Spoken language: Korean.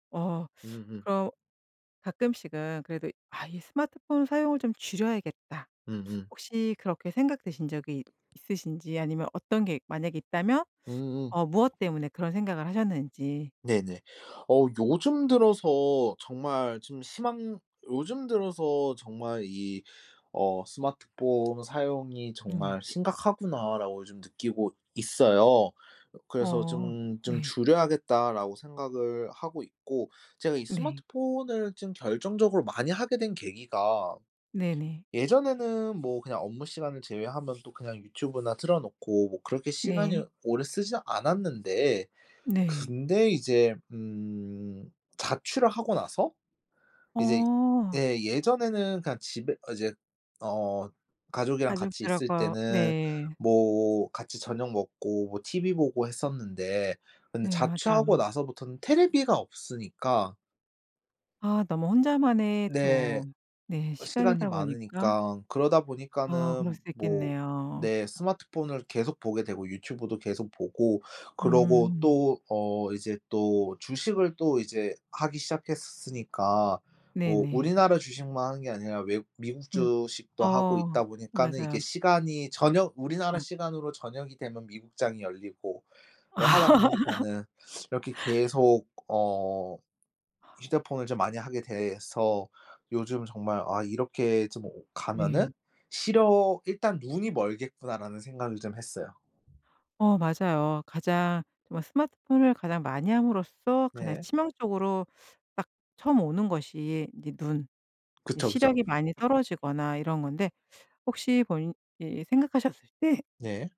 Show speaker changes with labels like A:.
A: 어
B: 음음.
A: 그럼 가끔씩은 그래도 '아 이 스마트폰 사용을 좀 줄여야겠다.'
B: 음음.
A: 혹시 그렇게 생각되신 적이 있으신지 아니면 어떤 게 만약에 있다면
B: 으으응.
A: 어 무엇 때문에 그런 생각을 하셨는지.
B: 네네. 어 요즘 들어서 정말 좀 심한 요즘 들어서 정말 이 어 '스마트폰 사용이
A: 네.
B: 정말 심각하구나.' 라고 좀 느끼고 있어요. 그래서
A: 어
B: '좀 좀
A: 네.
B: 줄여야겠다.' 라고 생각을 하고 있고 제가 이
A: 네.
B: 스마트폰을 좀 결정적으로 많이 하게 된 계기가
A: 네네.
B: 예전에는 뭐 그냥 업무시간을 제외하면 또 그냥 유튜브나 틀어놓고 뭐 그렇게
A: 네.
B: 시간을 오래 쓰지 않았는데.
A: 네.
B: 근데 이제 음 자취를 하고 나서 이제
A: 어.
B: 예, 예전에는 그냥 집에 어 이제 어 가족이랑 같이 있을
A: 가족들하고
B: 때는
A: 네.
B: 뭐 같이 저녁 먹고 뭐 티브이 보고 했었는데 근데
A: 네
B: 자취하고
A: 맞아요.
B: 나서부터는 테레비가 없으니까
A: 아 너무 혼자만의
B: 네.
A: 또 네,
B: 시간이
A: 시간이다 보니까.
B: 많으니까 그러다
A: 아 그럴
B: 보니까는
A: 수도
B: 뭐
A: 있겠네요.
B: 네, 스마트폰을 계속 보게 되고 유튜브도 계속 보고. 그러고
A: 음.
B: 또 어 이제 또 주식을 또 이제 하기 시작했으니까. 뭐
A: 네네.
B: 우리나라 주식만 하는 게 아니라 외국 미국
A: 외국
B: 주식도 하고
A: 어
B: 있다 보니까는 이게
A: 맞아요.
B: 시간이 저녁 우리나라
A: 어.
B: 시간으로 저녁이 되면 미국장이 열리고 하다 보니까는 이렇게 계속 어 휴대폰을 좀 많이 하게 돼서 요즘 정말 아 '이렇게 좀 가면은
A: 네.
B: 시력 일단 눈이 멀겠구나.' 라는 생각을 좀 했어요.
A: 어 맞아요. 가장 정말 스마트폰을 가장 많이 함으로써 가장
B: 네.
A: 치명적으로 딱 처음 오는 것이 이제 눈. 이
B: 그쵸 그쵸.
A: 시력이 많이 떨어지거나 이런 건데 혹시 본인이 생각하셨을 때
B: 네.